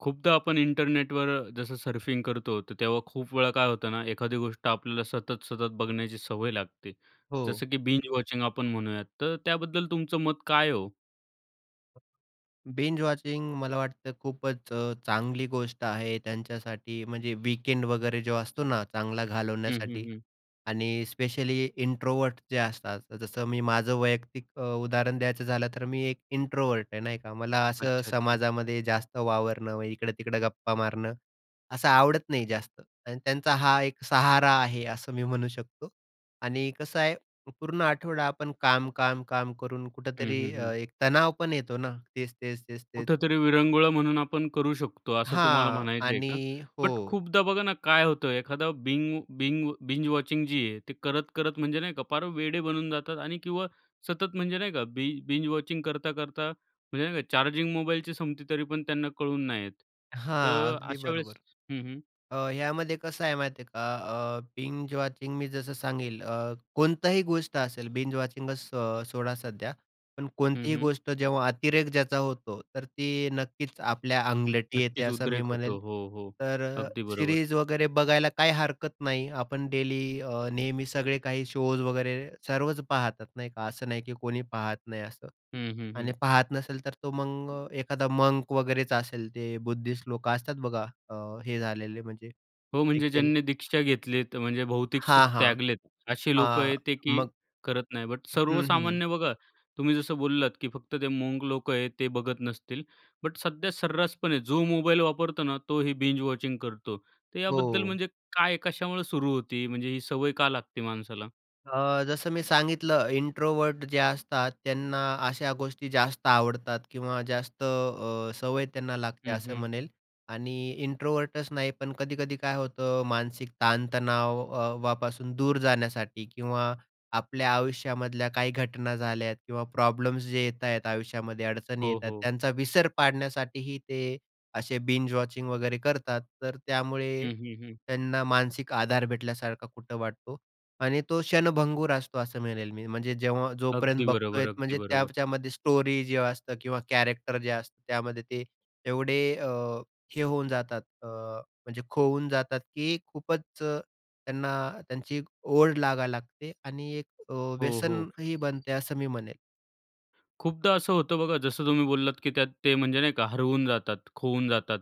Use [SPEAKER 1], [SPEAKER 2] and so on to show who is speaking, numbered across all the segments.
[SPEAKER 1] खूपदा आपण इंटरनेटवर जसं सर्फिंग करतो, तर तेव्हा खूप वेळा काय होतं ना, एखादी गोष्ट आपल्याला सतत, सतत बघण्याची सवय लागते.
[SPEAKER 2] हो.
[SPEAKER 1] जसं की बिंज वॉचिंग आपण म्हणूयात, तर त्याबद्दल तुमचं मत काय आहे हो?
[SPEAKER 2] बिंज वॉचिंग मला वाटतं खूपच अ, चांगली गोष्ट आहे त्यांच्यासाठी, म्हणजे वीकेंड वगैरे जो असतो ना, चांगला
[SPEAKER 1] हं, हं,
[SPEAKER 2] घालवण्यासाठी.
[SPEAKER 1] हं.
[SPEAKER 2] आणि स्पेशली इंट्रोव्हर्ट जे असतात. जसं मी माझं वैयक्तिक अ, उदाहरण द्यायचं झालं, तर मी एक इंट्रोव्हर्ट आहे, नाही का. मला असं
[SPEAKER 1] अच्छा, अच्छा.
[SPEAKER 2] समाजामध्ये जास्त वावरणं व इकडं-तिकडं गप्पा मारणं, असं आवडत नाही जास्त. आणि त्यांचा हा एक सहारा आहे असं मी म्हणू शकतो. आणि कसं आहे, पूर्ण आठवडा आपण काम, काम, काम करून
[SPEAKER 1] हं, हं,
[SPEAKER 2] कुठेतरी अ,
[SPEAKER 1] हं.
[SPEAKER 2] एक तणाव पण येतो ना. तेच-तेच, तेच-तेच.
[SPEAKER 1] कुठेतरी विरंगुळा म्हणून आपण करू शकतो, असं तुम्हाला
[SPEAKER 2] हां.
[SPEAKER 1] म्हणायचं आहे का?
[SPEAKER 2] आणि
[SPEAKER 1] बट
[SPEAKER 2] हो.
[SPEAKER 1] खूपदा बघा ना, काय होतं, एखादा बिंग बिंग बिंज वॉचिंग जी आहे. ते करत करत म्हणजे नाही का, पार वेडे बनून जातात. आणि किंवा सतत म्हणजे नाही का, बि बिंज वॉचिंग करता-करता म्हणजे नाही का, चार्जिंग मोबाईलची संपते, तरी पण त्यांना कळून नाही येत.
[SPEAKER 2] हां,
[SPEAKER 1] तर
[SPEAKER 2] अगदी
[SPEAKER 1] अशा वेळेस
[SPEAKER 2] बरोबर.
[SPEAKER 1] हं, हं.
[SPEAKER 2] अ, यामध्ये कसं आहे माहितीये का? अ, बिंज वॉचिंग मी जसं सांगेल अ, कोणतीही गोष्ट असेल, बिंज वॉचिंगच सो सोडा सध्या, पण
[SPEAKER 1] हं,
[SPEAKER 2] कोणतीही
[SPEAKER 1] हं.
[SPEAKER 2] गोष्ट जेव्हा अतिरेक ज्याचा होतो, तर ती नक्कीच आपल्या अंगलट येते
[SPEAKER 1] नक्कीच
[SPEAKER 2] असं मी
[SPEAKER 1] उद्रेक होतो.
[SPEAKER 2] म्हणेल.
[SPEAKER 1] हो, हो,
[SPEAKER 2] तर अ,
[SPEAKER 1] अगदी बरोबर.
[SPEAKER 2] सिरीज वगैरे बघायला काही हरकत नाही, आपण डेली अ, नेहमी सगळे काही शोज वगैरे सर्वच पाहतात, नाही का. असं नाही, की कोणी पाहत नाही असं.
[SPEAKER 1] हं, हं,
[SPEAKER 2] आणि
[SPEAKER 1] हं.
[SPEAKER 2] पाहत नसेल, तर तो मग अ, एखादा मंक वगैरेच असेल, ते बुद्धिस्ट लोकं असतात बघा अ, हे झालेले, म्हणजे
[SPEAKER 1] हो,
[SPEAKER 2] हे
[SPEAKER 1] म्हणजे
[SPEAKER 2] केलं
[SPEAKER 1] ज्यांनी दीक्षा घेतलीये, म्हणजे भौतिक
[SPEAKER 2] हां,
[SPEAKER 1] सुख
[SPEAKER 2] हां.
[SPEAKER 1] त्यागलेत, अशी लोकं
[SPEAKER 2] हां,
[SPEAKER 1] आहेत ते, की
[SPEAKER 2] मग
[SPEAKER 1] करत नाहीत. बट
[SPEAKER 2] हं, हं.
[SPEAKER 1] सर्वसामान्य बघा, तुम्ही जसं बोललात, की फक्त ते मंक लोक आहेत, ते बघत नसतील. बट सध्या सर्रासपणे जो मोबाईल वापरतो ना, तोही बिंज वॉचिंग करतो. तर याबद्दल,
[SPEAKER 2] हो.
[SPEAKER 1] म्हणजे काय, कशामुळे सुरू होते? म्हणजे ही सवय का लागते माणसाला?
[SPEAKER 2] अ, जसं मी सांगितलं इंट्रोव्हर्ट जे असतात, त्यांना अशा गोष्टी जास्त आवडतात किंवा जास्त अ, सवय त्यांना लागते
[SPEAKER 1] हं,
[SPEAKER 2] असं
[SPEAKER 1] हं.
[SPEAKER 2] म्हणेल. आणि इंट्रोव्हर्टच नाही पण कधी-कधी काय होतं मानसिक ताण-तणावापासून दूर जाण्यासाठी किंवा आपल्या आयुष्यामधल्या काही घटना झाल्या किंवा प्रॉब्लेम्स जे येत आहेत आयुष्यामध्ये अडचणी
[SPEAKER 1] हो,
[SPEAKER 2] येतात,
[SPEAKER 1] हो.
[SPEAKER 2] त्यांचा विसर पाडण्यासाठीही ते असे बिंज वॉचिंग वगैरे करतात. तर त्यामुळे
[SPEAKER 1] हं, हं, हं.
[SPEAKER 2] त्यांना मानसिक आधार भेटल्यासारखा कुठं वाटतो. आणि तो क्षणभंगुर असतो असं म्हणेल मी. म्हणजे जेव्हा जोपर्यंत
[SPEAKER 1] अगदी बरोबर.
[SPEAKER 2] बघतोय
[SPEAKER 1] अगदी
[SPEAKER 2] म्हणजे
[SPEAKER 1] बरोबर.
[SPEAKER 2] त्याच्यामध्ये स्टोरी जे असतं किंवा कॅरेक्टर जे असतं त्यामध्ये ते एवढे अ, हे होऊन जातात, अ, म्हणजे खोवून जातात की खूपच त्यांना त्यांची एक ओढ लागायला लागते आणि एक अ,
[SPEAKER 1] हो, हो.
[SPEAKER 2] व्यसनही बनते असं मी म्हणेन.
[SPEAKER 1] खूपदा असं होतं बघा जसं तुम्ही बोललात की त्यात ते म्हणजे नाही का हरवून जातात, खोवून जातात.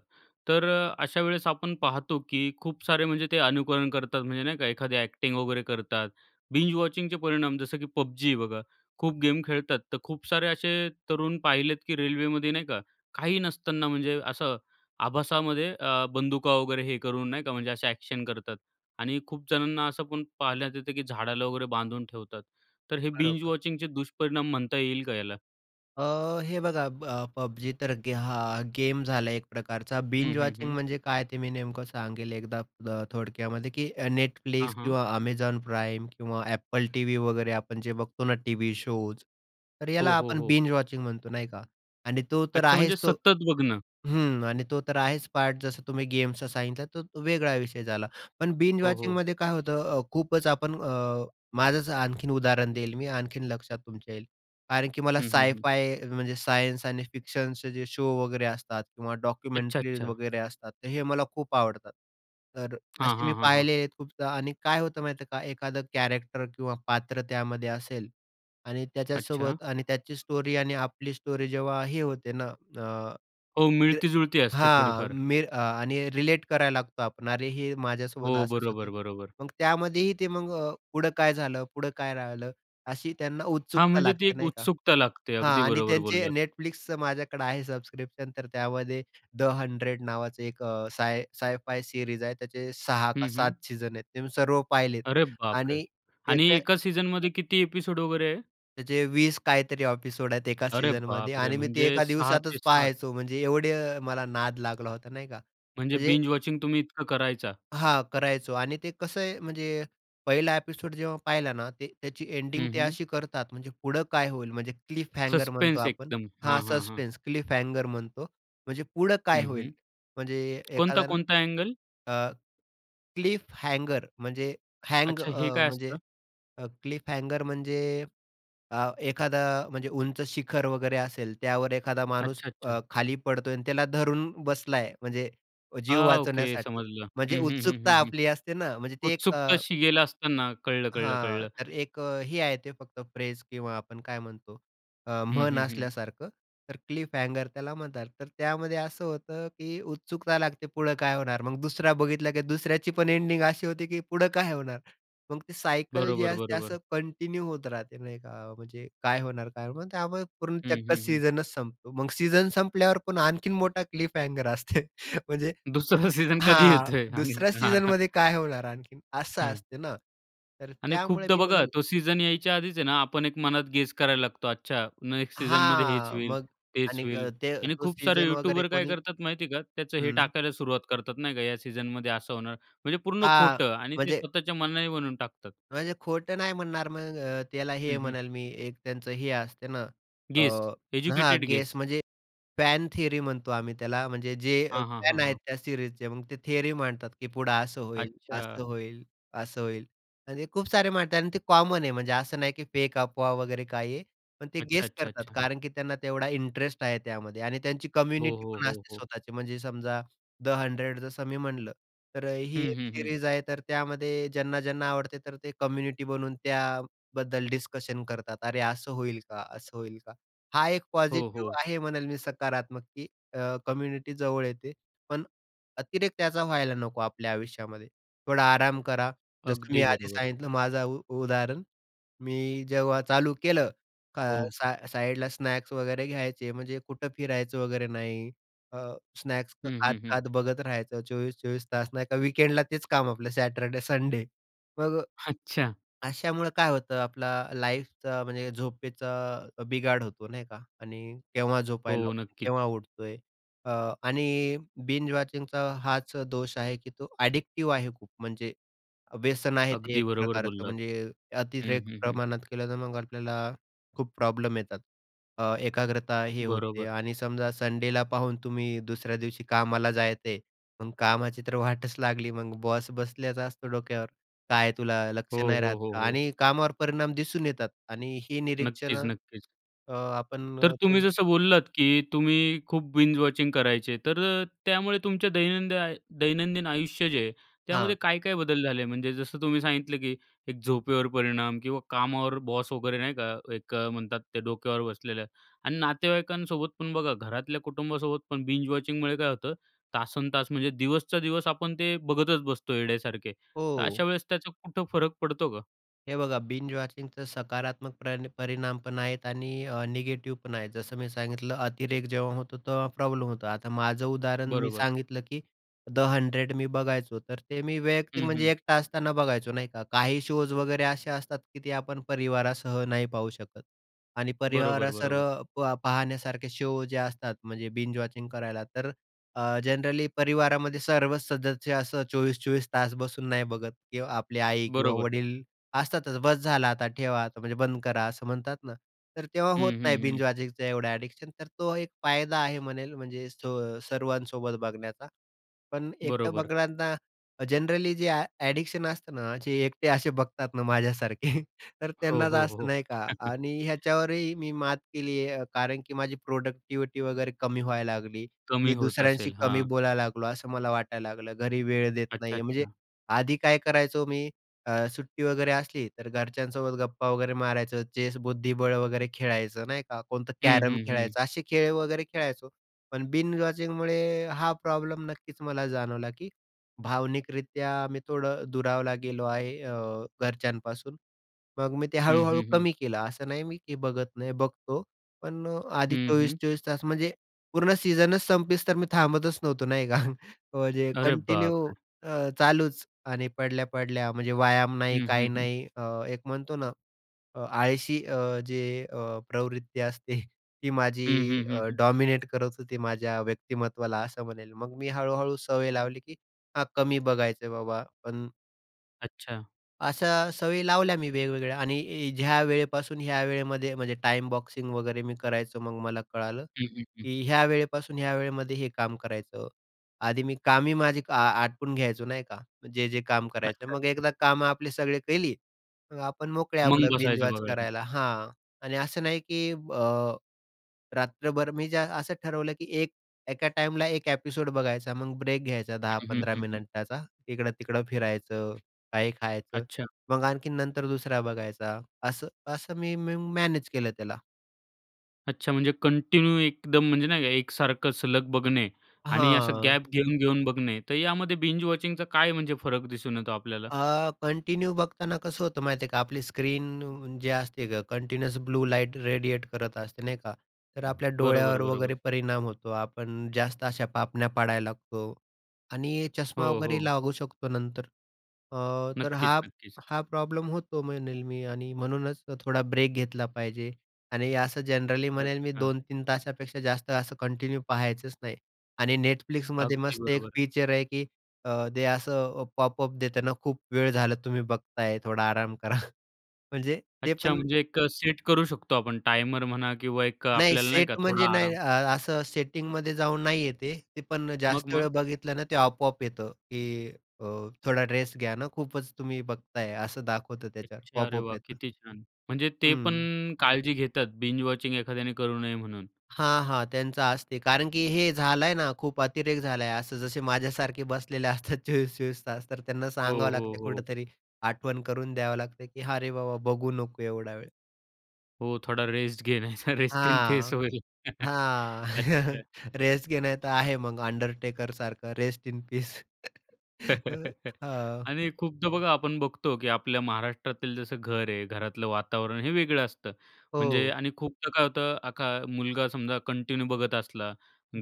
[SPEAKER 1] तर अ, अशा वेळेस आपण पाहतो की खूप सारे म्हणजे ते अनुकरण करतात. म्हणजे नाही का एखादी अ‍ॅक्टिंग वगैरे करतात. बिंज वॉचिंगचे परिणाम जसं की पबजी आहे बघा, खूप गेम खेळतात. तर खूप तर असे तरुण पाहिलेत की रेल्वेमध्ये नाही का काही नसताना म्हणजे असं आभासामध्ये अ, बंदुका वगैरे हे करून नाही का म्हणजे असे अ‍ॅक्शन करतात. आणि खूप जणांना असं पण पाहण्यात येतं की झाडाला वगैरे बांधून ठेवतात. तर हे बिंज
[SPEAKER 2] बरोबर.
[SPEAKER 1] वॉचिंगचे दुष्परिणाम म्हणता येईल का याला?
[SPEAKER 2] अ, हे बघा, ब पब्जी तर हा गेम झाला एक प्रकारचा.
[SPEAKER 1] हं,
[SPEAKER 2] बिंज
[SPEAKER 1] हं,
[SPEAKER 2] वॉचिंग
[SPEAKER 1] हं.
[SPEAKER 2] म्हणजे काय ते मी नेमकं सांगेल एकदा अ, थोडक्यामध्ये, की
[SPEAKER 1] हां,
[SPEAKER 2] Netflix
[SPEAKER 1] हां.
[SPEAKER 2] किंवा Amazon Prime किंवा AppleTV वगैरे आपण जे बघतो ना टीव्ही शोज, तर याला
[SPEAKER 1] हो, हो,
[SPEAKER 2] आपण
[SPEAKER 1] हो.
[SPEAKER 2] बिंज वॉचिंग म्हणतो, नाही का. आणि तो तर
[SPEAKER 1] अच्छा. म्हणजे
[SPEAKER 2] आहेच तो
[SPEAKER 1] सतत बघणं?
[SPEAKER 2] हं आणि तो तर आहेच पार्ट. जसं तुम्ही गेमचा सांगितला, तर तो वेगळा विषय झाला, पण बिंज
[SPEAKER 1] हो, हो.
[SPEAKER 2] वॉचिंगमध्ये काय होतं अ, खूपच आपण अ, माझंच आणखीन उदाहरण देईल मी. आणखीन लक्षात तुमच्या येईल. कारण की मला
[SPEAKER 1] हं, हं, हं.
[SPEAKER 2] साय-फाय, म्हणजे सायन्स आणि फिक्शनचे जे शो वगैरे असतात किंवा
[SPEAKER 1] अच्छा,
[SPEAKER 2] डॉक्युमेंटरीज
[SPEAKER 1] अच्छा.
[SPEAKER 2] वगैरे असतात, तर हे मला खूप आवडतात. तर
[SPEAKER 1] हां,
[SPEAKER 2] असे मी
[SPEAKER 1] हां, हां, हां.
[SPEAKER 2] पाहिले आहेत खूपदा आणि काय होतं माहितीये का? एखादं कॅरेक्टर किंवा पात्र त्यामध्ये असेल आणि
[SPEAKER 1] अच्छा.
[SPEAKER 2] त्याच्यासोबत आणि त्याची स्टोरी आणि आपली स्टोरी जेव्हा हे होते ना अ,
[SPEAKER 1] हो.
[SPEAKER 2] ते
[SPEAKER 1] मिळती-जुळती असते
[SPEAKER 2] हां.
[SPEAKER 1] थोडीफार.
[SPEAKER 2] मी आणि रिलेट करायला लागतो आपण. अरे, हे माझ्यासोबत
[SPEAKER 1] हो,
[SPEAKER 2] असंच
[SPEAKER 1] बरोबर,
[SPEAKER 2] होतंय.
[SPEAKER 1] बरोबर.
[SPEAKER 2] मग त्यामध्येही ते मग अ, पुढं काय झालं, पुढं काय राहिलं? अशी त्यांना
[SPEAKER 1] हां,
[SPEAKER 2] उत्सुकता
[SPEAKER 1] म्हणजे ती
[SPEAKER 2] लागते,
[SPEAKER 1] एक
[SPEAKER 2] नाही का.
[SPEAKER 1] उत्सुकता लागते.
[SPEAKER 2] हां,
[SPEAKER 1] अगदी
[SPEAKER 2] आणि
[SPEAKER 1] बरोबर
[SPEAKER 2] त्यांचं
[SPEAKER 1] बोललात.
[SPEAKER 2] Netflixचं माझ्याकडं आहे सबस्क्रिप्शन. तर त्यामध्ये द हंड्रेड नावाचं एक अ, साय साय-फाय सिरीज आहे, त्याचे 6 का
[SPEAKER 1] हं, हं.
[SPEAKER 2] 7 सीझन आहेत, ते सर्व पाहिलेत
[SPEAKER 1] अरे, बापरे!
[SPEAKER 2] आणि
[SPEAKER 1] आणि
[SPEAKER 2] एक आहे
[SPEAKER 1] एकाच सीझनमध्ये किती ॲपिसोड वगैरे आहे?
[SPEAKER 2] त्याचे 20 काहीतरी एपिसोड आहेत एका
[SPEAKER 1] अरे
[SPEAKER 2] सीझनमध्ये
[SPEAKER 1] बापरे!
[SPEAKER 2] आणि मी ते
[SPEAKER 1] म्हणजे
[SPEAKER 2] एका
[SPEAKER 1] सहा ते
[SPEAKER 2] दिवसातच
[SPEAKER 1] सात
[SPEAKER 2] पहायचो. म्हणजे एवढे मला नाद लागला होता नाही का
[SPEAKER 1] म्हणजे
[SPEAKER 2] म्हणजे
[SPEAKER 1] बिंज वॉचिंग तुम्ही इतकं करायचा?
[SPEAKER 2] हां, करायचो आणि ते कसं आहे म्हणजे पहिला एपिसोड जेव्हा पाहिला ना, ते त्याची एंडिंग
[SPEAKER 1] हं,
[SPEAKER 2] ते
[SPEAKER 1] हं.
[SPEAKER 2] अशी करतात, म्हणजे पुढं काय होईल, म्हणजे क्लिफ हँगर म्हणतो
[SPEAKER 1] सस्पेन्स
[SPEAKER 2] आपण
[SPEAKER 1] एकदम. हां,
[SPEAKER 2] हां,
[SPEAKER 1] हां, हां.
[SPEAKER 2] सस्पेन्स, क्लिफ हँगर म्हणतो म्हणजे पुढं काय
[SPEAKER 1] हं,
[SPEAKER 2] होईल
[SPEAKER 1] हं.
[SPEAKER 2] म्हणजे
[SPEAKER 1] कोणता,
[SPEAKER 2] एखाद्या
[SPEAKER 1] कोणता अँगल?
[SPEAKER 2] अ, क्लिफ हँगर म्हणजे हँग
[SPEAKER 1] अच्छा, हे
[SPEAKER 2] अ,
[SPEAKER 1] काय असतं?
[SPEAKER 2] म्हणजे क्लिफ हँगर म्हणजे अ, एखादा म्हणजे उंच शिखर वगैरे असेल, त्यावर एखादा माणूस
[SPEAKER 1] अच्छा, अच्छा.
[SPEAKER 2] अ, खाली पडतोय आणि त्याला धरून बसलाय म्हणजे जीव
[SPEAKER 1] हां, ओके
[SPEAKER 2] वाचवण्यासाठी
[SPEAKER 1] समजलं.
[SPEAKER 2] म्हणजे
[SPEAKER 1] हं, हं, हं,
[SPEAKER 2] उत्सुकता
[SPEAKER 1] हं, हं.
[SPEAKER 2] आपली असते ना म्हणजे ती एक अ
[SPEAKER 1] उत्सुकता शिगेला असताना, कळलं, कळलं,
[SPEAKER 2] हां.
[SPEAKER 1] कळलं.
[SPEAKER 2] तर एक अ, हे आहे ते फक्त फ्रेज किंवा आपण काय म्हणतो अ,
[SPEAKER 1] हं,
[SPEAKER 2] म्हण
[SPEAKER 1] हं, हं.
[SPEAKER 2] असल्यासारखं, तर क्लिफ हँगर त्याला म्हणतात. तर त्यामध्ये असं होतं की उत्सुकता लागते पुढं काय होणार. मग दुसरा बघितला की दुसऱ्याची पण एंडिंग अशी होती की पुढं काय होणार, मग ते सायकल जी
[SPEAKER 1] बरोबर,
[SPEAKER 2] असते
[SPEAKER 1] बरोबर.
[SPEAKER 2] असं कंटिन्यू होत राहते. नाही का. म्हणजे काय होणार, काय? मग त्यामुळे पूर्ण
[SPEAKER 1] हं,
[SPEAKER 2] चक्क
[SPEAKER 1] हं, हं.
[SPEAKER 2] सीझनच संपतो. मग सीझन संपल्यावर पण आणखीन मोठा क्लिफ हँगर असते म्हणजे
[SPEAKER 1] दुसरा सीझन कधी
[SPEAKER 2] हां,
[SPEAKER 1] येतोय? आणि
[SPEAKER 2] दुसऱ्या
[SPEAKER 1] हां, हां.
[SPEAKER 2] सीझनमध्ये काय होणार आणखीन असं
[SPEAKER 1] हं.
[SPEAKER 2] असते ना, तर
[SPEAKER 1] आणि
[SPEAKER 2] त्यामुळे
[SPEAKER 1] खूपदा
[SPEAKER 2] मी
[SPEAKER 1] बघा
[SPEAKER 2] म्हणेल
[SPEAKER 1] तो सीझन यायच्या आधीच आहे ना आपण एक मनात गेस करायला लागतो. अच्छा नेक्स्ट सीझनमध्ये हेच
[SPEAKER 2] हां,
[SPEAKER 1] होईल,
[SPEAKER 2] मग
[SPEAKER 1] तेच
[SPEAKER 2] आणि
[SPEAKER 1] होईल
[SPEAKER 2] ते
[SPEAKER 1] आणि
[SPEAKER 2] तो
[SPEAKER 1] खूप सारे
[SPEAKER 2] सीझन वगैरे
[SPEAKER 1] युटूबर काय
[SPEAKER 2] कोणी
[SPEAKER 1] करतात माहिती आहे का त्याचं हे
[SPEAKER 2] हं.
[SPEAKER 1] टाकायला सुरुवात करतात नाही का, या सीझनमध्ये असं होणार. म्हणजे पूर्ण
[SPEAKER 2] हां,
[SPEAKER 1] खोटं आणि ते
[SPEAKER 2] म्हणजे
[SPEAKER 1] स्वतःच्या मनाने बनवून टाकतात.
[SPEAKER 2] म्हणजे खोटं नाही म्हणणार मग अ, त्याला हे
[SPEAKER 1] हं, हं.
[SPEAKER 2] म्हणेल मी एक त्यांचं हे असते ना अ,
[SPEAKER 1] गेस,
[SPEAKER 2] ...हां, अ,
[SPEAKER 1] एज्युकेटेड गेस.
[SPEAKER 2] गेस म्हणजे फॅन थियरी म्हणतो आम्ही त्याला. म्हणजे जे
[SPEAKER 1] हां, हां, हां,
[SPEAKER 2] फॅन आहेत
[SPEAKER 1] हां.
[SPEAKER 2] त्या सीरीजचे, मग ते थियरी मांडतात की पुढं असं होईल,
[SPEAKER 1] अच्छा.
[SPEAKER 2] असं होईल, असं होईल म्हणजे खूप सारे मांडतात आणि ते कॉमन आहे. म्हणजे असं नाही की फेक अफवा वगैरे काही आहे. पण ते
[SPEAKER 1] अच्छा,
[SPEAKER 2] गेस
[SPEAKER 1] अच्छा,
[SPEAKER 2] करतात
[SPEAKER 1] अच्छा.
[SPEAKER 2] कारण की त्यांना तेवढा इंटरेस्ट आहे त्यामध्ये आणि त्यांची
[SPEAKER 1] हो,
[SPEAKER 2] कम्युनिटी
[SPEAKER 1] हो,
[SPEAKER 2] पण
[SPEAKER 1] हो,
[SPEAKER 2] असते
[SPEAKER 1] हो.
[SPEAKER 2] स्वतःची, म्हणजे समजा 'द हंड्रेड' जसं मी म्हटलं, तर ही
[SPEAKER 1] हं,
[SPEAKER 2] एक
[SPEAKER 1] हं, हं.
[SPEAKER 2] सीरीज आहे, तर त्यामध्ये ज्यांना-ज्यांना आवडते, तर ते कम्युनिटी बनून त्याबद्दल डिस्कशन करतात, अरे असं होईल का, असं होईल का हा, एक
[SPEAKER 1] हो, हो.
[SPEAKER 2] पॉझिटिव्ह आहे म्हणेल मी सकारात्मक की अ, कम्युनिटी जवळ येते. पण अतिरेक त्याचा व्हायला नको. आपल्या आयुष्यामध्ये थोडा आराम करा. जसं
[SPEAKER 1] अगदी
[SPEAKER 2] मी आधी
[SPEAKER 1] बरोबर.
[SPEAKER 2] सांगितलं माझं उ उदाहरण. मी जेव्हा चालू केलं
[SPEAKER 1] हो.
[SPEAKER 2] सा साईडला स्नॅक्स वगैरे घ्यायचे, म्हणजे कुठं फिरायचं वगैरे नाही. अ, स्नॅक्स
[SPEAKER 1] हं, हं, हं.
[SPEAKER 2] खात-खात बघत राहायचं. 24-24 तास नाही का वीकेंडला तेच काम आपलं सॅटरडे-संडे. मग
[SPEAKER 1] अच्छा.
[SPEAKER 2] अशामुळं काय होतं आपला लाईफचा म्हणजे झोपेचा बिघाड होतो. नाही का आणि केव्हा झोपायला,
[SPEAKER 1] हो, नक्कीच.
[SPEAKER 2] केव्हा उठतोय अ, आणि बिंज वॉचिंगचा हाच दोष आहे की तो अ‍ॅडिक्टिव्ह आहे खूप म्हणजे व्यसन आहे ते,
[SPEAKER 1] अगदी
[SPEAKER 2] एक
[SPEAKER 1] बरोबर
[SPEAKER 2] प्रकारचं
[SPEAKER 1] बोललात.
[SPEAKER 2] म्हणजे
[SPEAKER 1] हं,
[SPEAKER 2] अतिरेक
[SPEAKER 1] हं, हं.
[SPEAKER 2] प्रमाणात केलं, तर मग आपल्याला खूप प्रॉब्लेम येतात अ, एकाग्रता हे होते.
[SPEAKER 1] बरोबर.
[SPEAKER 2] आणि समजा संडेला पाहून तुम्ही दुसऱ्या दिवशी कामाला जायचंय. मग कामाची तर वाटच लागली. मग बॉस बसलाच असतो डोक्यावर. "काय तुला
[SPEAKER 1] हो,
[SPEAKER 2] लक्ष नाही
[SPEAKER 1] हो,
[SPEAKER 2] राहत
[SPEAKER 1] हो,
[SPEAKER 2] का?"
[SPEAKER 1] हो.
[SPEAKER 2] आणि कामावर परिणाम दिसून येतात. आणि ही
[SPEAKER 1] नक्कीच,
[SPEAKER 2] निरीक्षणं
[SPEAKER 1] नक्कीच.
[SPEAKER 2] अ, आपण
[SPEAKER 1] तर तुम्ही
[SPEAKER 2] थोडं
[SPEAKER 1] जसं बोललात की तुम्ही खूप बिंज वॉचिंग करायचे, तर अ, त्यामुळे तुमच्या दैनंदिन दैनंदिन आयुष्य जे आहे
[SPEAKER 2] हां.
[SPEAKER 1] त्यामध्ये काय-काय बदल झाले म्हणजे जसं तुम्ही सांगितलं की एक झोपेवर परिणाम किंवा कामावर बॉस वगैरे नाही का एक म्हणतात ते डोक्यावर बसलेलं आणि नातेवाईकांसोबत पण बघा घरातल्या कुटुंबासोबत पण बिंजवॉचिंगमुळे काय होतं, तासंतास म्हणजे दिवसच्या दिवस आपण ते बघतच बसतो येड्यासारखे, तर अशा
[SPEAKER 2] हो.
[SPEAKER 1] वेळेस त्याचं कुठं फरक पडतो का?
[SPEAKER 2] हे बघा, बिंज वॉचिंगचा सकारात्मक प्रण परिणाम पण आहेत आणि अ, निगेटिव्ह पण आहे. जसं मी सांगितलं, अतिरेक जेव्हा होतो तेव्हा प्रॉब्लेम होतो. आता माझं उदाहरण मी
[SPEAKER 1] बरोबर.
[SPEAKER 2] सांगितलं की 'द हंड्रेड' मी बघायचो, तर ते मी वैयक्तिक,
[SPEAKER 1] हं, हं.
[SPEAKER 2] म्हणजे एकटा असताना बघायचो, नाही का? काही शोज वगैरे असे असतात की ते आपण परिवारासह नाही पाहू शकत आणि
[SPEAKER 1] बरोबर,
[SPEAKER 2] परिवारासह
[SPEAKER 1] बरोबर.
[SPEAKER 2] प पाहण्यासारखे शो जे असतात, म्हणजे बिंज वॉचिंग करायला, तर अ, जनरली परिवारामध्ये सर्वच सदस्य असं 24-24 तास बसून नाही बघत किंवा आपली आई किंवा
[SPEAKER 1] बरोबर.
[SPEAKER 2] वडील असतातच, "बस झाला आता ठेवा, आता म्हणजे बंद करा," असं म्हणतात ना. तर तेव्हा
[SPEAKER 1] हं,
[SPEAKER 2] होत नाही
[SPEAKER 1] हं,
[SPEAKER 2] बिंज
[SPEAKER 1] हं.
[SPEAKER 2] वॉचिंगचं एवढं ॲडिक्शन. तो एक फायदा आहे म्हणेल, म्हणजे सो सर्वांसोबत बघण्याचा. पण एकटं
[SPEAKER 1] बरोबर.
[SPEAKER 2] बघणाऱ्यांना अ, जनरली जे अ, ॲडिक्शन असतं ना, जे एकटे असे बघतात ना माझ्यासारखे, तर
[SPEAKER 1] हो,
[SPEAKER 2] त्यांना
[SPEAKER 1] हो,
[SPEAKER 2] जास्त,
[SPEAKER 1] हो.
[SPEAKER 2] नाही का? आणि ह्याच्यावरही मी मात केली आहे. कारण की माझी प्रॉडक्टिव्हिटी वगैरे कमी व्हायला लागली.
[SPEAKER 1] कमी
[SPEAKER 2] मी
[SPEAKER 1] होत
[SPEAKER 2] दुसऱ्यांशी
[SPEAKER 1] असेल.
[SPEAKER 2] कमी
[SPEAKER 1] हां.
[SPEAKER 2] बोलायला लागलो, असं मला वाटायला लागलं. घरी वेळ देत नाही
[SPEAKER 1] अच्छा,
[SPEAKER 2] आहे. म्हणजे
[SPEAKER 1] अच्छा.
[SPEAKER 2] आधी काय करायचो मी, अ, सुट्टी वगैरे असली तर घरच्यांसोबत गप्पा वगैरे मारायचो, चेस-बुद्धिबळ वगैरे खेळायचो, नाही का? कोणतं
[SPEAKER 1] हं,
[SPEAKER 2] कॅरम
[SPEAKER 1] हं, हं.
[SPEAKER 2] खेळायचो, असे खेळ वगैरे खेळायचो. पण बिंज वॉचिंगमुळे हा प्रॉब्लेम नक्कीच मला जाणवला की भावनिकरीत्या आम्ही थोडं दुरावलो गेलो आहे अ, घरच्यांपासून. मग मी ते
[SPEAKER 1] हं,
[SPEAKER 2] हळू-हळू
[SPEAKER 1] हं, हं.
[SPEAKER 2] कमी केलं. असं नाही मी की बघत नाही, बघतो, पण अ, आधी
[SPEAKER 1] हं,
[SPEAKER 2] चोवीस
[SPEAKER 1] हं.
[SPEAKER 2] चोवीस तास. म्हणजे पूर्ण सीजनच संपेस्तोर मी थांबतच नव्हतो, नाही का? म्हणजे
[SPEAKER 1] अरे, बाप
[SPEAKER 2] कंटिन्यू
[SPEAKER 1] रे!
[SPEAKER 2] अ, चालूच अ, आणि पडल्या-पडल्या, म्हणजे व्यायाम नाही,
[SPEAKER 1] हं,
[SPEAKER 2] काही
[SPEAKER 1] हं, हं.
[SPEAKER 2] नाही. अ, एक म्हणतो ना, अ, आळशी अ, जे अ, प्रवृत्ती असते, ती माझी
[SPEAKER 1] हं, हं, हं,
[SPEAKER 2] अ,
[SPEAKER 1] हं.
[SPEAKER 2] डॉमिनेट करत होती माझ्या व्यक्तिमत्त्वाला असं म्हणेल. मग मी हळू-हळू सवय लावली की हा कमी बघायचं आहे बाबा, पण
[SPEAKER 1] अच्छा.
[SPEAKER 2] अशा सवयी लावल्या मी वेगवेगळ्या आणि ज्या वेळेपासून ह्या वेळेमध्ये म्हणजे टाईम बॉक्सिंग वगैरे मी करायचं. मग मला कळालं
[SPEAKER 1] हं, हं, हं.
[SPEAKER 2] की ह्या वेळेपासून ह्या वेळेमध्ये हे काम करायचं. आधी मी कामी माझी आ आटपून घ्यायचो नाही का जे जे काम करायचं.
[SPEAKER 1] अच्छा.
[SPEAKER 2] मग एकदा कामं आपले सगळे केली, मग आपण मोकळे
[SPEAKER 1] मग
[SPEAKER 2] आपलं
[SPEAKER 1] बसायचं
[SPEAKER 2] बिंजवॉच
[SPEAKER 1] बघायला.
[SPEAKER 2] करायला. हां, आणि असं नाही की अ, रात्रभर मी ज असं ठरवलं की 1 एका टाईमला 1 ॲपिसोड बघायचा, मग ब्रेक घ्यायचा दहा
[SPEAKER 1] हं, हं,
[SPEAKER 2] पंधरा
[SPEAKER 1] हं, हं.
[SPEAKER 2] मिनिटाचा. इकडं-तिकडं फिरायचं, काही खायचं.
[SPEAKER 1] अच्छा.
[SPEAKER 2] मग आणखीन नंतर दुसरा बघायचा असं, असं मी मी मॅनेज केलं त्याला.
[SPEAKER 1] अच्छा, म्हणजे कंटिन्यू एकदम म्हणजे नाही का एक सारखं सलग बघणे आणि असं
[SPEAKER 2] हां.
[SPEAKER 1] गॅप घेऊन-घेऊन बघणे, तर यामध्ये बिंज वॉचिंगचा काय म्हणजे फरक दिसून येतो आपल्याला?
[SPEAKER 2] अ, कंटिन्यू बघताना कसं होतं माहिती आहे का आपली स्क्रीन जे असते गं कंटीन्यूअस ब्लू लाईट रेडिएट करत असते नाही का, तर आपल्या
[SPEAKER 1] बरोबर,
[SPEAKER 2] डोळ्यावर
[SPEAKER 1] बरोबर.
[SPEAKER 2] वगैरे परिणाम होतो. आपण जास्त अशा पापण्या पाडायला लागतो आणि चष्मा
[SPEAKER 1] हो,
[SPEAKER 2] वगैरे
[SPEAKER 1] हो.
[SPEAKER 2] लागू शकतो नंतर. अ, तर
[SPEAKER 1] नक्कीच,
[SPEAKER 2] हा
[SPEAKER 1] नक्कीच.
[SPEAKER 2] हा प्रॉब्लेम होतो म्हणेल मी आणि म्हणूनच थोडा ब्रेक घेतला पाहिजे. आणि असं जनरली म्हणेल मी
[SPEAKER 1] अच्छा.
[SPEAKER 2] 2-3 तासापेक्षा जास्त असं कंटिन्यू पाहायचंच नाही. आणि Netflixमध्ये
[SPEAKER 1] अगदी
[SPEAKER 2] मस्त 1
[SPEAKER 1] बरोबर.
[SPEAKER 2] फीचर आहे की अ, ते असं पॉपअप देतं ना, खूप वेळ झाला तुम्ही बघताय, थोडा आराम करा. म्हणजे ते
[SPEAKER 1] अच्छा,
[SPEAKER 2] पण
[SPEAKER 1] म्हणजे एक अ, सेट करू शकतो आपण टाइमर म्हणा किंवा एक
[SPEAKER 2] नाही.
[SPEAKER 1] आपल्याला नाही
[SPEAKER 2] सेट
[SPEAKER 1] का थोडा
[SPEAKER 2] म्हणजे नाही
[SPEAKER 1] आराम?
[SPEAKER 2] अ, असं सेटिंगमध्ये जाऊन नाही आहे ते. पण
[SPEAKER 1] मग,
[SPEAKER 2] जास्त वेळ
[SPEAKER 1] मग?
[SPEAKER 2] बघितलं ना, ते आपोआप येतं, की अ, थोडा रेस्ट घ्या ना, खूपच तुम्ही बघताय असं दाखवतं त्याच्यावर
[SPEAKER 1] अच्छा, अरे,
[SPEAKER 2] पॉपअप
[SPEAKER 1] वाह!
[SPEAKER 2] येतं.
[SPEAKER 1] किती छान. म्हणजे ते
[SPEAKER 2] हं.
[SPEAKER 1] पण काळजी घेतात बिंज वॉचिंग एखाद्याने करू नये म्हणून.
[SPEAKER 2] हां, हां, त्यांचं असते कारण की हे झालाय ना, खूप अतिरेक झालाय. असं जसे माझ्यासारखे बसलेले असतात 24-24 तास, तर त्यांना
[SPEAKER 1] हो,
[SPEAKER 2] सांगावं
[SPEAKER 1] हो,
[SPEAKER 2] लागते
[SPEAKER 1] हो.
[SPEAKER 2] कुठेतरी, आठवण करून द्यावं लागते, की हा रे, बाबा बघू नको एवढा वेळ.
[SPEAKER 1] हो. थोडा रेस्ट घे, नाहीतर रेस्ट इन पीस
[SPEAKER 2] हां,
[SPEAKER 1] होईल.
[SPEAKER 2] हां.
[SPEAKER 1] अच्छा.
[SPEAKER 2] रेस्ट घे नाहीतर आहे मग अंडरटेकरसारखं रेस्ट इन पीस अ, हां.
[SPEAKER 1] आणि खूपदा बघा आपण बघतो, की आपल्या महाराष्ट्रातील जसं घर आहे, घरातलं वातावरण हे वेगळं असतं. म्हणजे
[SPEAKER 2] हो.
[SPEAKER 1] आणि खूपदा काय होतं, आता मुलगा समजा कंटिन्यू बघत असला,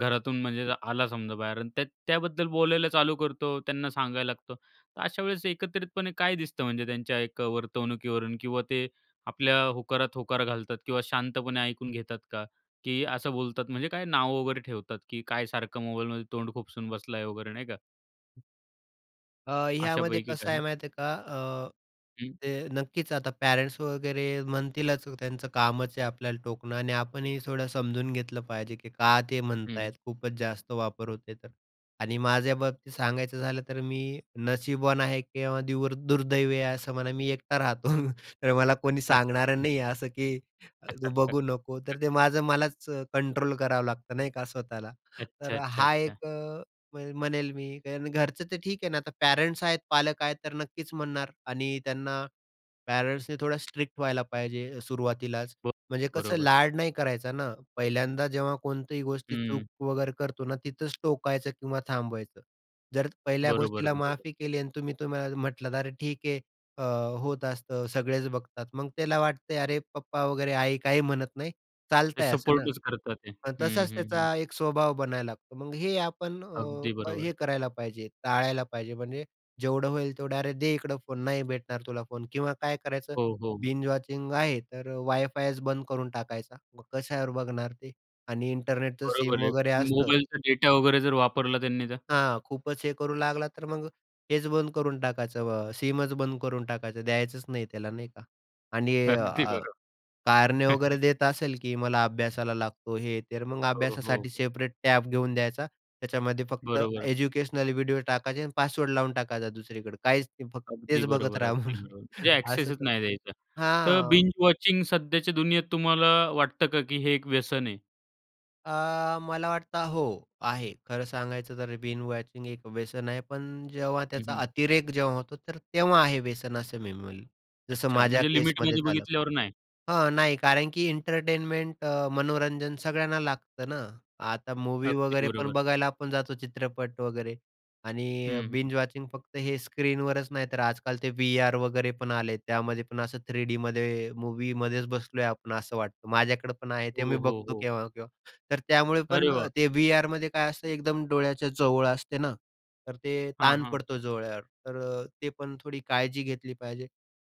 [SPEAKER 1] घरातून म्हणजे आला समजा बाहेर आणि त्या त्याबद्दल बोलायला चालू करतो, त्यांना सांगायला लागतो. तर अशा वेळेस एकत्रितपणे काय दिसतं म्हणजे त्यांच्या एक वर्तवणुकीवरून किंवा ते आपल्या होकारात होकार घालतात किंवा शांतपणे ऐकून घेतात का? की असं बोलतात, म्हणजे काय नाव वगैरे ठेवतात, की काय सारखं मोबाईलमध्ये तोंड खुपसून बसलाय वगैरे, नाही का?
[SPEAKER 2] अ, ह्यामध्ये
[SPEAKER 1] अशापैकी
[SPEAKER 2] कसं आहे
[SPEAKER 1] काही?
[SPEAKER 2] माहिती आहे का अ,
[SPEAKER 1] हं.
[SPEAKER 2] ते नक्कीच आता पॅरेंट्स वगैरे म्हणतीलच. त्यांचं कामच आहे आपल्याला टोकणं आणि आपणही थोडं समजून घेतलं पाहिजे की का ते म्हणतात
[SPEAKER 1] हं.
[SPEAKER 2] आहेत. खूपच जास्त वापर होतोय तर. आणि माझ्याबाबतीत सांगायचं झालं तर मी नशिबवान आहे किंवा द्यूर दुर्दैवी आहे असं म्हणा, मी एकटा राहतो. तर मला कोणी सांगणारं
[SPEAKER 1] अच्छा.
[SPEAKER 2] नाही आहे असं की तू बघू नको. तर ते माझं मलाच कंट्रोल करावं लागतं, नाही का स्वतःला,
[SPEAKER 1] अच्छा,
[SPEAKER 2] तर
[SPEAKER 1] अच्छा,
[SPEAKER 2] हा
[SPEAKER 1] अच्छा.
[SPEAKER 2] एक अ, म्हणेल मी, कारण घरचं तर ठीक आहे ना. तर पॅरेंट्स आहेत, पालक आहेत तर नक्कीच म्हणणार आणि त्यांना पॅरेंट्सनी थोडं स्ट्रिक्ट व्हायला पाहिजे सुरुवातीलाच.
[SPEAKER 1] ब
[SPEAKER 2] म्हणजे कसं
[SPEAKER 1] बरोबर.
[SPEAKER 2] लाड नाही करायचा ना. पहिल्यांदा जेव्हा कोणतीही गोष्ट
[SPEAKER 1] हं.
[SPEAKER 2] चूक वगैरे करतो ना, तिथंच टोकायचं किंवा थांबवायचं. जर पहिल्या
[SPEAKER 1] बरोबर,
[SPEAKER 2] गोष्टीला
[SPEAKER 1] बरोबर.
[SPEAKER 2] माफी केली आणि तुम्ही तुम्हाला म्हटलात, अरे ठीक आहे, अ, होत असतं, सगळेच बघतात, मग त्याला वाटतं अरे, पप्पा वगैरे, आई काही म्हणत नाही,
[SPEAKER 1] ते
[SPEAKER 2] चालतंय असं ना.
[SPEAKER 1] सपोर्टच करतात आहे.
[SPEAKER 2] मग
[SPEAKER 1] हं,
[SPEAKER 2] तसाच
[SPEAKER 1] हं, हं.
[SPEAKER 2] त्याचा एक स्वभाव बनायला लागतो. मग हे आपण
[SPEAKER 1] अगदी
[SPEAKER 2] अ,
[SPEAKER 1] बरोबर.
[SPEAKER 2] हे करायला पाहिजे, टाळायला पाहिजे म्हणजे जेवढं होईल तेवढं. अरे, दे इकडं फोन, नाही भेटणार तुला फोन किंवा काय करायचं,
[SPEAKER 1] हो, हो.
[SPEAKER 2] बिंज वॉचिंग आहे तर वाय-फायच बंद करून टाकायचा, मग कशावर बघणार ते? आणि इंटरनेटचं सिम
[SPEAKER 1] बरोबर आहे.
[SPEAKER 2] वगैरे
[SPEAKER 1] पण
[SPEAKER 2] असतं
[SPEAKER 1] मोबाईलचा डेटा वगैरे जर वापरला त्यांनी तर?
[SPEAKER 2] हां. खूपच हे करू लागला तर मग हेच बंद करून टाकायचं. अ, सीमच बंद करून टाकायचं द्यायचंच नाही त्याला नाही का आणि
[SPEAKER 1] अगदी
[SPEAKER 2] अ,
[SPEAKER 1] बरोबर.
[SPEAKER 2] कारणे वगैरे देत असेल की मला अभ्यासाला लागतो हे, तर मग
[SPEAKER 1] हो,
[SPEAKER 2] अभ्यासासाठी
[SPEAKER 1] हो.
[SPEAKER 2] सेपरेट टॅब घेऊन द्यायचा. त्याच्यामध्ये फक्त
[SPEAKER 1] बरोबर.
[SPEAKER 2] एज्युकेशनल व्हिडिओ टाकायचे आणि पासवर्ड लावून टाकायचा दुसरीकडे. काहीच नाही फक्त
[SPEAKER 1] अगदी
[SPEAKER 2] तेच बघत
[SPEAKER 1] बरोबर,
[SPEAKER 2] राहा
[SPEAKER 1] अगदी
[SPEAKER 2] म्हणवं.
[SPEAKER 1] बरोबर. म्हणजे
[SPEAKER 2] असं
[SPEAKER 1] एक्सेसच नाही
[SPEAKER 2] करु
[SPEAKER 1] द्यायचा. तर
[SPEAKER 2] हां.
[SPEAKER 1] बिंज वॉचिंग सध्याच्या दुनियेत तुम्हाला वाटतं का की हे एक व्यसन आहे?
[SPEAKER 2] अ, मला वाटतं हो, आहे खरं सांगायचं तर बिंज वॉचिंग एक व्यसन आहे. पण जेव्हा
[SPEAKER 1] हं,
[SPEAKER 2] त्याचा
[SPEAKER 1] हं.
[SPEAKER 2] अतिरेक जेव्हा होतो तर तेव्हा आहे व्यसन असं मी बोलेल. जसं
[SPEAKER 1] अच्छा.
[SPEAKER 2] माझ्या
[SPEAKER 1] म्हणजे
[SPEAKER 2] केसमध्ये
[SPEAKER 1] लिमिटमध्ये
[SPEAKER 2] झालं.
[SPEAKER 1] बघितल्यावर नाही.
[SPEAKER 2] हां, नाही कारण की एंटरटेनमेंट अ, मनोरंजन सगळ्यांना लागतं ना. आता मूव्ही
[SPEAKER 1] अगदी
[SPEAKER 2] वगैरे पण
[SPEAKER 1] बरोबर.
[SPEAKER 2] बघायला आपण जातो चित्रपट वगैरे आणि
[SPEAKER 1] हं, हं.
[SPEAKER 2] बिंज वॉचिंग फक्त हे स्क्रीनवरच नाही तर आजकाल ते व्ही-आर वगैरे पण आले आहेत. त्यामध्ये पण असं 3Dमध्ये मूव्हीमध्येच बसलोय आपण असं वाटतं. माझ्याकडे पण आहे ते.
[SPEAKER 1] हो,
[SPEAKER 2] मी
[SPEAKER 1] हो,
[SPEAKER 2] बघतो
[SPEAKER 1] हो.
[SPEAKER 2] केव्हा-केव्हा. तर त्यामुळे
[SPEAKER 1] अरे
[SPEAKER 2] पण
[SPEAKER 1] वाह!
[SPEAKER 2] अ, ते व्ही-आरमध्ये काय असतं एकदम डोळ्याच्या जवळ असते ना, तर ते
[SPEAKER 1] हां,
[SPEAKER 2] ताण
[SPEAKER 1] हां.
[SPEAKER 2] पडतो डोळ्यावर. तर अ, ते पण थोडी काळजी घेतली पाहिजे.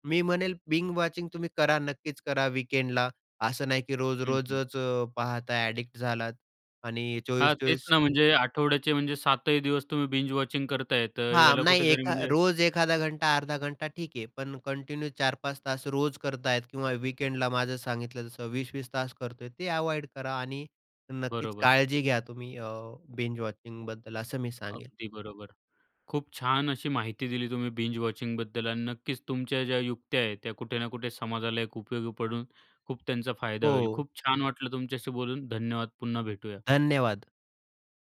[SPEAKER 2] मी म्हणेल बिंज वॉचिंग तुम्ही करा, नक्कीच करा वीकेंडला. असं नाही की
[SPEAKER 1] हं, हं.
[SPEAKER 2] रोज-रोजच पाहत आहे एडिक्ट झालात आणि चोवीस
[SPEAKER 1] हां, तेच
[SPEAKER 2] चोवीस
[SPEAKER 1] ना. म्हणजे आठवड्याचे म्हणजे 7 ही दिवस तुम्ही बिंज वॉचिंग करताय तर
[SPEAKER 2] हां.
[SPEAKER 1] याला
[SPEAKER 2] नाही
[SPEAKER 1] कुठेतरी
[SPEAKER 2] एका
[SPEAKER 1] म्हणजे
[SPEAKER 2] रोज 1खादा घंटा अर्धा घंटा ठीक आहे. पण कंटिन्यू 4-5 तास रोज करतायेत किंवा वीकेंडला. माझं सांगितलं तसं 20-20 तास करतोय ते अव्हॉइड करा आणि नक्कीच
[SPEAKER 1] बरोबर.
[SPEAKER 2] काळजी घ्या तुम्ही अ, बिंज वॉचिंग बद्दल असं मी सांगेल.
[SPEAKER 1] अगदी बरोबर. खूप छान अशी माहिती दिली तुम्ही बिंज वॉचिंग बद्दल आणि नक्कीच तुमच्या ज्या युक्त्या आहेत त्या कुठे ना कुठे समाजाला एक उपयोगी पडून खूप त्यांचा फायदा होईल.
[SPEAKER 2] हो.
[SPEAKER 1] खूप छान वाटलं तुमच्याशी बोलून. धन्यवाद. पुन्हा भेटूया.
[SPEAKER 2] धन्यवाद.